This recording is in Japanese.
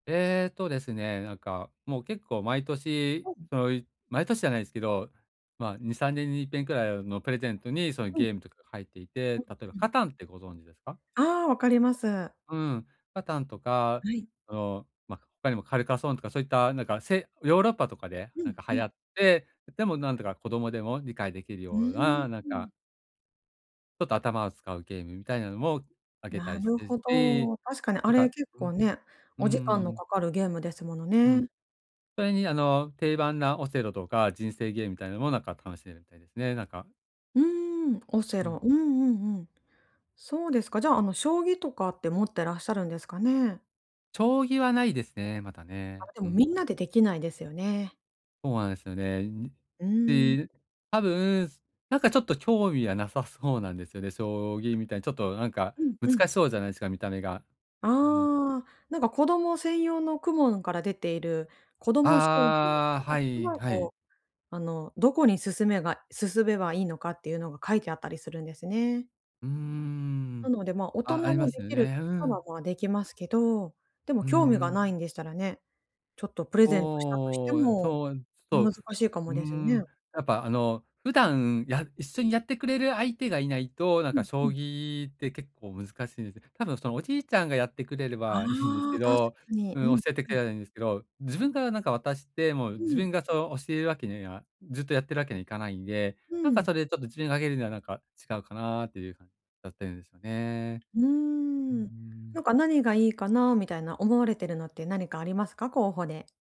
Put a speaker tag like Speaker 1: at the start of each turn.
Speaker 1: えっとですね、なんかもう結構毎年、
Speaker 2: おん。
Speaker 1: その、い毎年じゃないですけど、ま、2、3年にいっぺんくらい、あの、プレゼントにその
Speaker 2: うん。
Speaker 1: ゲームとか入っていて、
Speaker 2: うん
Speaker 1: 例えば、
Speaker 2: うん。
Speaker 1: カタンってご存知ですか？
Speaker 2: ああ、分かります。
Speaker 1: うん、カタンとか、
Speaker 2: はい。
Speaker 1: その、ま、他にもカルカソンとかそういったなんか、せヨーロッパとかで
Speaker 2: う
Speaker 1: な
Speaker 2: ん、
Speaker 1: んか
Speaker 2: う
Speaker 1: 流
Speaker 2: ん。
Speaker 1: 行って、でもなんとか子供でも理解できる
Speaker 2: うー
Speaker 1: よう
Speaker 2: ん、
Speaker 1: な、なん
Speaker 2: うん。
Speaker 1: かちょっと頭を使うゲームみたいなのもあげた
Speaker 2: な
Speaker 1: りし
Speaker 2: る
Speaker 1: てる
Speaker 2: ほ
Speaker 1: し、
Speaker 2: ど。確かにあ
Speaker 1: なん
Speaker 2: れ、
Speaker 1: か
Speaker 2: 結
Speaker 1: う
Speaker 2: 構
Speaker 1: ん。
Speaker 2: ね、
Speaker 1: うんう
Speaker 2: お時間
Speaker 1: ん
Speaker 2: の
Speaker 1: うん。
Speaker 2: 掛かるゲームですもの
Speaker 1: う
Speaker 2: ね。
Speaker 1: ん。それに、あの、定番なオセロとか、人生ゲームみたいのもなんか楽しめるみたいでね、なんか。
Speaker 2: うーん、オセ
Speaker 1: うん。
Speaker 2: ロ。うんうんうん。そうですか、じゃあ、あの、将棋とかって持ってらっしゃるんですかね？
Speaker 1: 将棋はないですね、まだ
Speaker 2: あ、
Speaker 1: ね。
Speaker 2: で
Speaker 1: う
Speaker 2: も、みん
Speaker 1: ん。
Speaker 2: なでできないですよね。
Speaker 1: ほあですよね。んん、っ
Speaker 2: うーん。
Speaker 1: て、ぬ多分、すなんかちょっと興味はなさそうなんですよね。将棋みたいにちょっとなんか、
Speaker 2: うんうん。
Speaker 1: 難しそうじゃないすか、見た目が。うん。
Speaker 2: ああ、なんか子供専用の公文から出ている子ども将棋
Speaker 1: ああ、はい、はい。
Speaker 2: こう、あのどこに進めが進めばいいのかっていうのが書いてあったりするんですね。
Speaker 1: うー
Speaker 2: な
Speaker 1: ん。
Speaker 2: ので、ま、大
Speaker 1: あ、あ
Speaker 2: 人
Speaker 1: りま
Speaker 2: も
Speaker 1: す
Speaker 2: で
Speaker 1: よ
Speaker 2: きる
Speaker 1: ね。
Speaker 2: とし
Speaker 1: う
Speaker 2: たら、
Speaker 1: ん。
Speaker 2: ま、できますけど。でも
Speaker 1: うん
Speaker 2: 興味が
Speaker 1: うん。
Speaker 2: ないんでしたらね、ちょっとプレゼントしたとして
Speaker 1: おお、え、
Speaker 2: も、
Speaker 1: そう、えん、
Speaker 2: ね、
Speaker 1: そう、
Speaker 2: 難しいか
Speaker 1: うー
Speaker 2: もですね。
Speaker 1: ん。やっぱあの、普段や一緒にやってくれる相手がいないと、なん
Speaker 2: う
Speaker 1: か
Speaker 2: んう
Speaker 1: 将
Speaker 2: ん。
Speaker 1: 棋って結構難しいんです。多分その、おじいちゃんがやってくれれ
Speaker 2: あ
Speaker 1: ばいいんですけ
Speaker 2: あ、確か
Speaker 1: ど
Speaker 2: に。
Speaker 1: う
Speaker 2: うん
Speaker 1: ん、教えてく
Speaker 2: う
Speaker 1: れ
Speaker 2: ん。
Speaker 1: ればいいんですけど、自分がなんか渡して、もう
Speaker 2: う
Speaker 1: 自
Speaker 2: ん。
Speaker 1: 分がその教えるわけには、ずっとやってるわけにはいかないんで、
Speaker 2: う
Speaker 1: なんか、
Speaker 2: ん。
Speaker 1: それでちょっと自分があげるには、なんか違うかな？っていう感だったんすよね。
Speaker 2: うー
Speaker 1: ううー
Speaker 2: ん。なん
Speaker 1: ん。
Speaker 2: か、何がいいかな？みたいな、思われてるのって何かありますか？候補で。